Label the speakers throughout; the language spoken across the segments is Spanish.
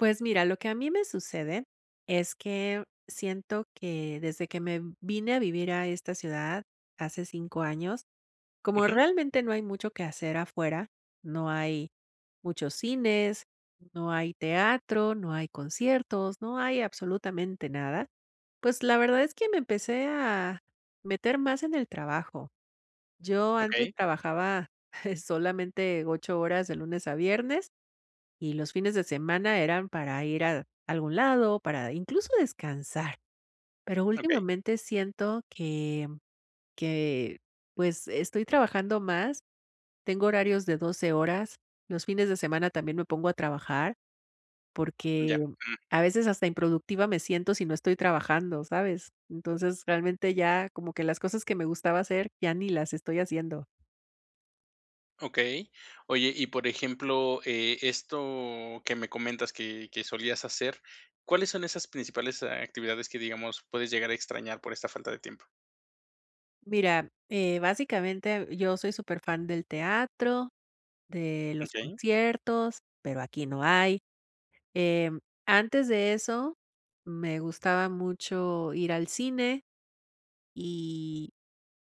Speaker 1: Pues, mira, lo que a mí me sucede, es que siento que desde que me vine a vivir a esta ciudad hace 5 años, como
Speaker 2: Ujú.
Speaker 1: realmente no hay mucho que hacer afuera, no hay muchos cines, no hay teatro, no hay conciertos, no hay absolutamente nada, pues, la verdad es que me empecé a meter más en el trabajo. Yo antes
Speaker 2: Okey.
Speaker 1: trabajaba solamente 8 horas de lunes a viernes, y los fines de semana eran para ir a algún lado, para, incluso, descansar, pero
Speaker 2: Okey.
Speaker 1: últimamente siento que, que, pues, estoy trabajando más, tengo horarios de 12 horas los fines de semana, también me pongo a trabajar. Porque,
Speaker 2: Ya, mm.
Speaker 1: a veces, hasta improductiva me siento si no estoy trabajando, ¿sabes? Entonces realmente ya como que las cosas que me gustaba hacer ya ni las estoy haciendo.
Speaker 2: Okey. Oye, y por ejemplo, eh, esto, que me comentas que que solías hacer, ¿cuáles son esas principales actividades que digamos, puedes llegar a extrañar por esta falta de tiempo?
Speaker 1: Mira, eh, básicamente, yo soy súper fan del teatro, de los
Speaker 2: Okey.
Speaker 1: conciertos, pero aquí no hay. Em, antes de eso me gustaba mucho ir al cine y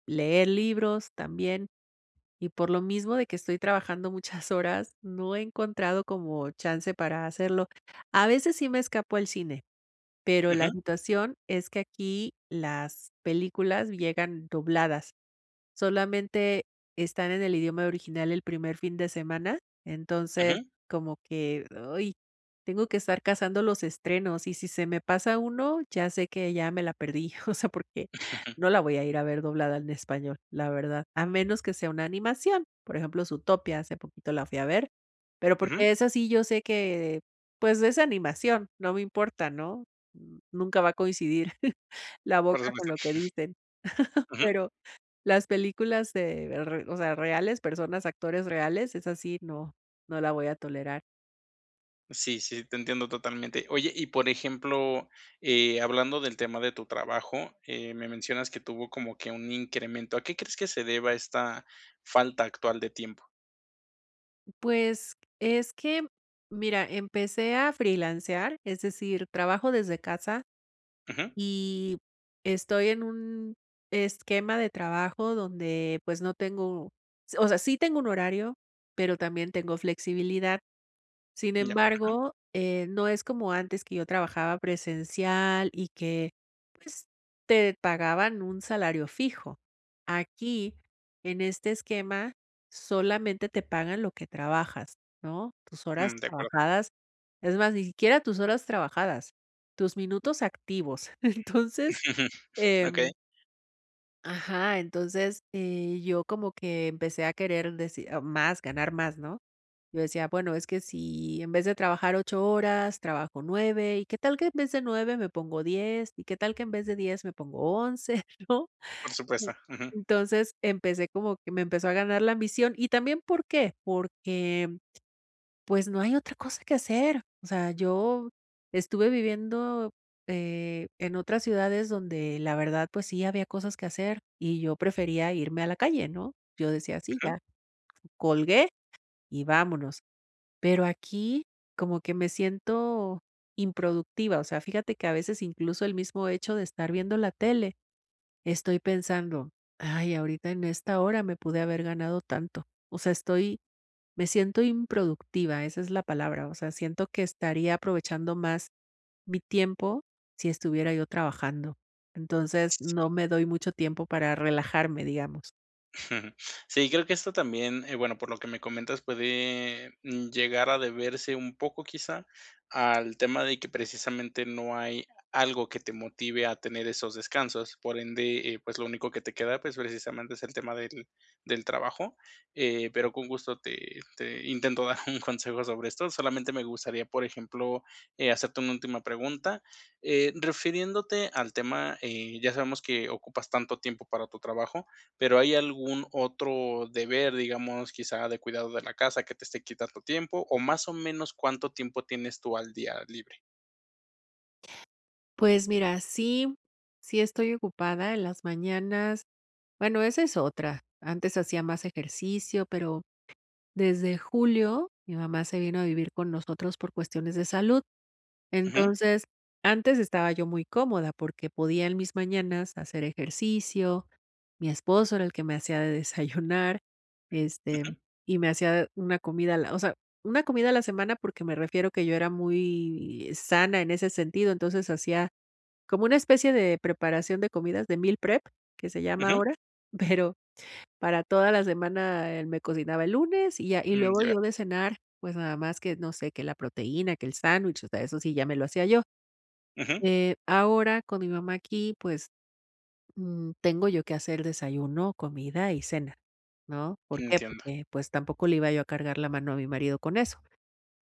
Speaker 1: leer libros también. Y por lo mismo de que estoy trabajando muchas horas, no he encontrado como chance para hacerlo, a veces, sí me escapo al cine, pero la
Speaker 2: Ujú.
Speaker 1: situación es que aquí las películas llegan dobladas, solamente están en el idioma original el primer fin de semana. Entonces
Speaker 2: Ujú.
Speaker 1: como que, ¡ay!, tengo que estar cazando los estrenos, y si se me pasa 1, ya sé, que ya me la perdí, o sea, porque no la voy a ir a ver doblada en español, la verdad. A menos que sea una animación, por ejemplo, Zootopia, hace poquito la fui a ver, pero,
Speaker 2: Ujú.
Speaker 1: porque esa sí yo sé que, pues, es animación no me importa, ¿no?, nunca va a coincidir la
Speaker 2: Por
Speaker 1: boca con
Speaker 2: supuesto.
Speaker 1: lo que dicen,
Speaker 2: Ujú.
Speaker 1: pero las películas de re o sea reales, personas, actores reales, esas si no, no la voy a tolerar.
Speaker 2: Sí, sí, te entiendo totalmente. Oye, y por ejemplo, eh, hablando del tema de tu trabajo, eh, me mencionas que tuvo como que un incremento, ¿a qué crees que se deba esta falta actual de tiempo?
Speaker 1: Pues, es que, mira, empecé a freelancear, es decir, trabajo desde casa,
Speaker 2: Ujú.
Speaker 1: y, estoy en un esquema de trabajo donde, pues, no tengo o sea, sí tengo un horario, pero también, tengo flexibilidad. Sin
Speaker 2: Ya, ujú.
Speaker 1: embargo, eh, no es como antes que yo trabajaba presencial, y que, pues, te pagaban un salario fijo. Aquí, en este esquema, solamente te pagan lo que trabajas, ¿no?, tus horas
Speaker 2: Mm, de acuerdo.
Speaker 1: trabajadas, es más, ni siquiera tus horas trabajadas, tus minutos activos. Entonces,
Speaker 2: Okey.
Speaker 1: em ajá, entonces, eh, yo como que empecé a querer decir más, ganar más, ¿no? Yo decía: "Bueno, es que si, en vez de trabajar 8 horas, trabajo 9, y que tal que en vez de 9, me pongo 10, y que tal que en vez de 10, me pongo 11," ¿no?
Speaker 2: Por
Speaker 1: Eh,
Speaker 2: supuesto, ujú.
Speaker 1: entonces, empecé como que me empezó a ganar la ambición, y también, ¿por qué?, porque, pues, no hay otra cosa que hacer, o sea, yo estuve viviendo, eh, en otras ciudades donde, la verdad, pues sí, había cosas que hacer, y yo prefería irme a la calle, ¿no? Yo decía: "Sí,
Speaker 2: Ujú.
Speaker 1: ya, colgué y vámonos", pero aquí, como que me siento improductiva. O sea, fíjate que, a veces, incluso, el mismo hecho de estar viendo la tele, estoy pensando: "Ay, ahorita en esta hora me pude haber ganado tanto", o sea, estoy me siento improductiva, esa es la palabra, o sea, siento que estaría aprovechando más mi tiempo si estuviera yo trabajando. Entonces
Speaker 2: Sí.
Speaker 1: no me doy mucho tiempo para relajarme, digamos.
Speaker 2: Sí, creo que esto también, eh, bueno, por lo que me comentas, puede, mm, llegar a deberse un poco quizá al tema de que precisamente no hay algo que te motive a tener esos descansos. Por ende, eh, pues lo único que te queda, pues, precisamente, es el tema del del trabajo, eh, pero con gusto te te intento dar un consejo sobre esto. Solamente me gustaría, por ejemplo, eh, hacerte una última pregunta. Eh, refiriéndote al tema, eh, ya sabemos que ocupas tanto tiempo para tu trabajo, pero, ¿hay algún otro deber, digamos, quizá de cuidado de la casa, que te esté quitando tiempo, o más o menos cuánto tiempo tienes tú al día, libre?
Speaker 1: Pues mira, sí, sí estoy ocupada, en las mañanas bueno, esa es otra, antes hacía más ejercicio, pero desde julio mi mamá se vino a vivir con nosotros por cuestiones de salud.
Speaker 2: Ujú.
Speaker 1: Entonces antes estaba yo muy cómoda porque podía, en mis mañanas, hacer ejercicio. Mi esposo era el que me hacía de desayunar, este,
Speaker 2: Ujú.
Speaker 1: y me hacía una comida a la o sea, una comida a la semana, porque me refiero a que yo era muy sana en ese sentido. Entonces hacía como una especie de preparación de comidas de meal prep, que se llama
Speaker 2: Ujú.
Speaker 1: ahora, pero para toda la semana, él me cocinaba el lunes y ya. Y
Speaker 2: Mm,
Speaker 1: luego
Speaker 2: ya.
Speaker 1: yo, de cenar, pues nada más que no sé, que la proteína, que el sándwich, o sea, eso sí ya me lo hacía yo.
Speaker 2: Ujú.
Speaker 1: Eh, ahora con mi mamá aquí, pues, mm, tengo yo que hacer el desayuno, comida y cena, ¿no? ¿Por qué?
Speaker 2: Entiendo.
Speaker 1: Porque, pues, tampoco le iba yo a cargar la mano a mi marido con eso.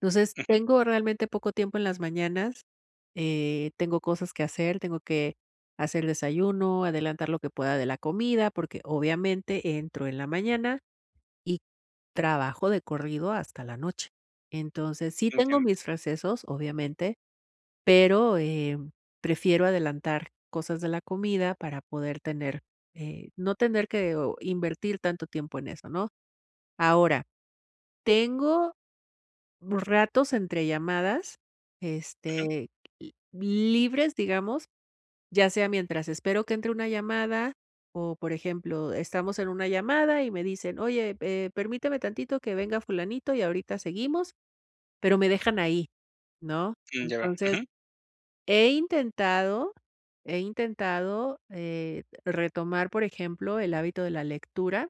Speaker 1: Entonces
Speaker 2: Ujú.
Speaker 1: tengo realmente poco tiempo en las mañanas, eh, tengo cosas que hacer, tengo que hacer el desayuno, adelantar lo que pueda de la comida, porque, obviamente, entro en la mañana y trabajo de corrido hasta la noche. Entonces, sí tengo
Speaker 2: Entiendo.
Speaker 1: mis recesos, obviamente, pero, em, prefiero adelantar cosas de la comida para poder tener, eh, no tener que invertir tanto tiempo en eso, ¿no? Ahora tengo ratos, entre llamadas,
Speaker 2: Ujú.
Speaker 1: este, libres, digamos, ya sea mientras espero que entre una llamada o, por ejemplo, estamos en una llamada y me dicen: "Oye, eh, permíteme tantito que venga fulanito y ahorita seguimos". Pero me dejan ahí, ¿no?
Speaker 2: Mm, ya veo.
Speaker 1: Entonces
Speaker 2: Ujú.
Speaker 1: he intentado he intentado, eh, retomar, por ejemplo, el hábito de la lectura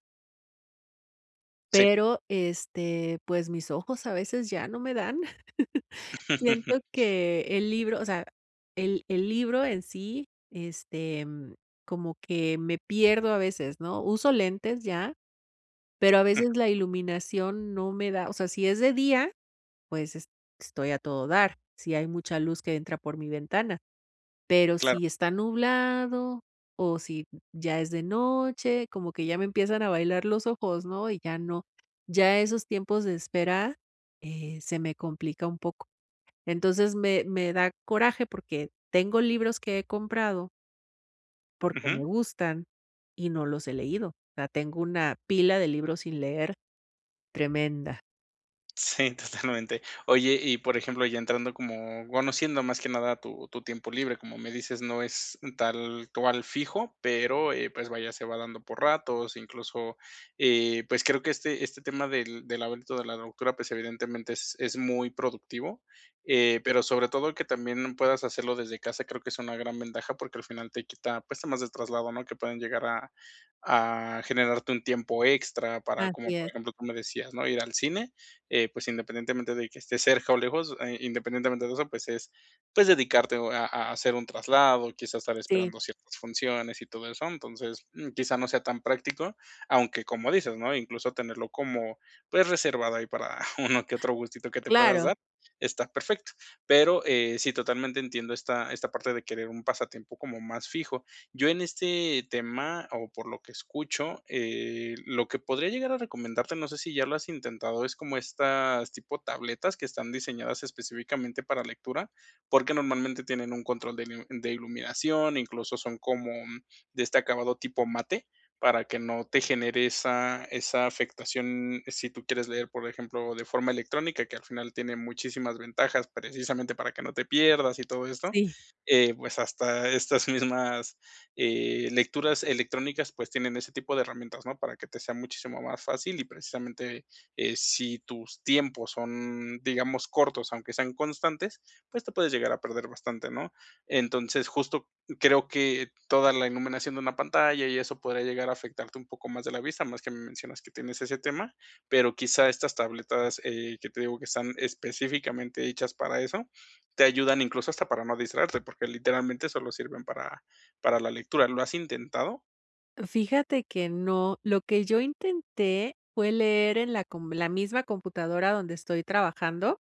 Speaker 2: Sí.
Speaker 1: pero, este, pues mis ojos, a veces, ya no me dan. Siento que el libro, o sea, el el libro en sí, este, mm, como que me pierdo a veces, ¿no? Uso lentes ya, pero a
Speaker 2: Ujú.
Speaker 1: veces la iluminación no me da. O sea, si es de día, pues es estoy a todo dar, si hay mucha luz que entra por mi ventana. Pero
Speaker 2: Claro.
Speaker 1: si está nublado o si ya es de noche, como que ya me empiezan a bailar los ojos, ¿no? Y ya no. Ya esos tiempos de espera, eh, se me complica un poco. Entonces, me me da coraje, porque tengo libros que he comprado porque me
Speaker 2: Ujú.
Speaker 1: gustan y no los he leído. O sea, tengo una pila de libros sin leer, tremenda.
Speaker 2: Sí, totalmente. Oye, y por ejemplo, ya entrando como, bueno, siendo más que nada tu tu tiempo libre, como me dices, no es tal cual fijo, pero, eh, pues, vaya, se va dando por ratos, incluso, eh, pues, creo que este este tema del del hábito de la lectura, pues, evidentemente es es muy productivo. Eh, pero sobre todo que también puedas hacerlo desde casa, creo que es una gran ventaja, porque al final te quita, pues, temas del traslado, ¿no? Que pueden llegar a a generarte un tiempo extra para, como
Speaker 1: Así
Speaker 2: por
Speaker 1: es.
Speaker 2: ejemplo, tú me decías, ¿no? Ir al cine, eh, pues, independientemente de que esté cerca o lejos, eh, independientemente de eso, pues es, pues dedicarte a a hacer un traslado, quizás estar
Speaker 1: Sí.
Speaker 2: esperando ciertas funciones, y todo eso. Entonces, mm, quizá no sea tan práctico, aunque, como dices, ¿no? Incluso tenerlo como, pues, reservado ahí para uno que otro gustito que te puedas
Speaker 1: Claro.
Speaker 2: dar, está perfecto. Pero, eh, sí, totalmente entiendo esta esta parte de querer un pasatiempo como más fijo. Yo, en este tema, o por lo que escucho, eh, lo que podría llegar a recomendarte, no sé si ya lo has intentado, es como estas tipo tabletas que están diseñadas específicamente para lectura, porque normalmente tienen un control de miu de iluminación, incluso son como de este acabado tipo mate, para que no te genere esa esa afectación. Si tú quieres leer, por ejemplo, de forma electrónica, que al final tiene muchísimas ventajas, precisamente para que no te pierdas y todo esto,
Speaker 1: Sí.
Speaker 2: eh, pues hasta estas mismas, eh, lecturas electrónicas, pues tienen ese tipo de herramientas, ¿no? Para que te sea muchísimo más fácil y, precisamente, eh, si tus tiempos son, digamos, cortos, aunque sean constantes, pues te puedes llegar a perder bastante, ¿no? Entonces, justo creo que toda la iluminación de una pantalla y eso podría llegar a afectarte un poco más de la vista, además que me mencionas que tienes ese tema, pero quizá estas tabletas, eh, que te digo que están específicamente hechas para eso, te ayudan incluso hasta para no distraerte, porque literalmente solo sirven para para la lectura, ¿lo has intentado?
Speaker 1: Fíjate que no, lo que yo intenté fue leer en la com en la misma computadora donde estoy trabajando,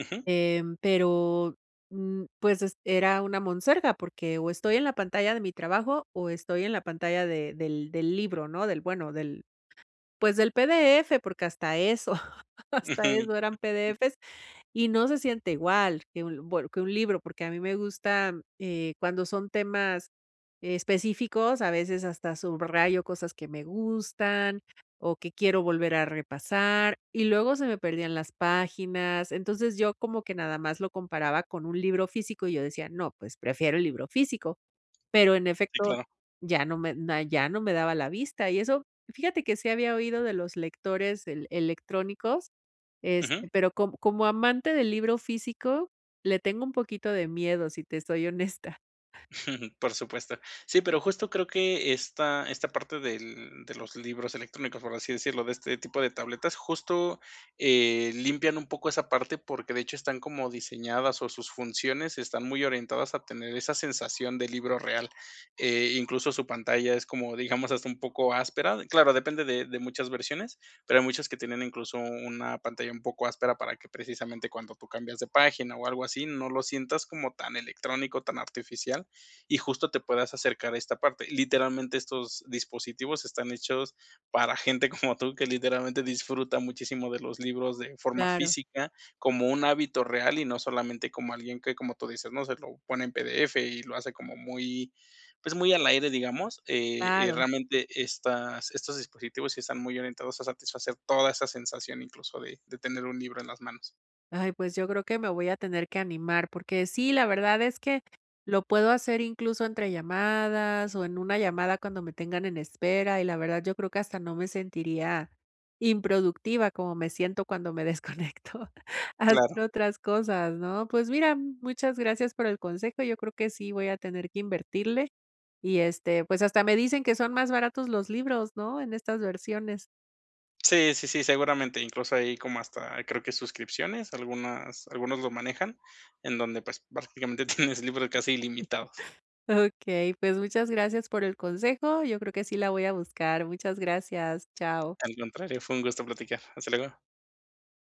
Speaker 2: Ujú.
Speaker 1: eh, pero, mm, pues, es era una monserga, porque, o estoy en la pantalla de mi trabajo, o estoy en la pantalla de del del libro, no, del bueno del pues, del PDF. Porque hasta eso, hasta
Speaker 2: Ujú.
Speaker 1: eso eran PDFs, y no se siente igual que un bueno que un libro, porque a mí me gusta, eh, cuando son temas específicos, a veces hasta subrayo cosas que me gustan, o que quiero volver a repasar, y luego se me perdían las páginas. Entonces, yo como que nada más lo comparaba con un libro físico, y yo decía: "No, pues prefiero el libro físico", pero en
Speaker 2: Sí,
Speaker 1: efecto,
Speaker 2: claro.
Speaker 1: ya no me ya no me daba la vista. Y eso fíjate que sí había oído de los lectores electrónicos, este,
Speaker 2: Ujú.
Speaker 1: pero co como amante del libro físico, le tengo un poquito de miedo, si te soy honesta.
Speaker 2: Por supuesto. Sí, pero, justo, creo que esta esta parte del de los libros electrónicos, por así decirlo, de este tipo de tabletas, justo, eh, limpian un poco esa parte, porque de hecho están como diseñadas, o sus funciones están muy orientadas a tener esa sensación de libro real. Eh, incluso, su pantalla es como, digamos, hasta un poco áspera. Claro, depende de de muchas versiones, pero hay muchas que tienen, incluso, una pantalla un poco áspera para que precisamente cuando tú cambias de página o algo así, no lo sientas como tan electrónico, tan artificial, y justo te puedas acercar a esta parte. Literalmente estos dispositivos están hechos para gente como tú, que literalmente disfruta muchísimo de los libros de forma
Speaker 1: Claro.
Speaker 2: física, como un hábito real, y no solamente como alguien que, como tú dices, ¿no? Se lo pone en PDF y lo hace como muy, pues, muy al aire, digamos. Eh eh,
Speaker 1: Claro.
Speaker 2: realmente estas estos dispositivos sí están muy orientados a satisfacer toda esa sensación, incluso, de de tener un libro en las manos.
Speaker 1: Ay, pues, yo creo que me voy a tener que animar, porque sí, la verdad es que lo puedo hacer, incluso, entre llamadas, o en una llamada cuando me tengan en espera, y la verdad yo creo que hasta no me sentiría improductiva, como me siento cuando me desconecto,
Speaker 2: Claro.
Speaker 1: haciendo otras cosas, ¿no? Pues mira, muchas gracias por el consejo, yo creo que sí voy a tener que invertirle, y este, pues, hasta me dicen que son más baratos los libros, ¿no? En estas versiones.
Speaker 2: Sí, sí, sí, seguramente, incluso, ahí como hasta creo que suscripciones, algunas algunos lo manejan, en donde, pues, prácticamente tienes libros casi ilimitados.
Speaker 1: Okey, pues, muchas gracias por el consejo, yo creo que sí la voy a buscar, muchas gracias, chao.
Speaker 2: Al contrario, fue un gusto platicar. Hasta luego.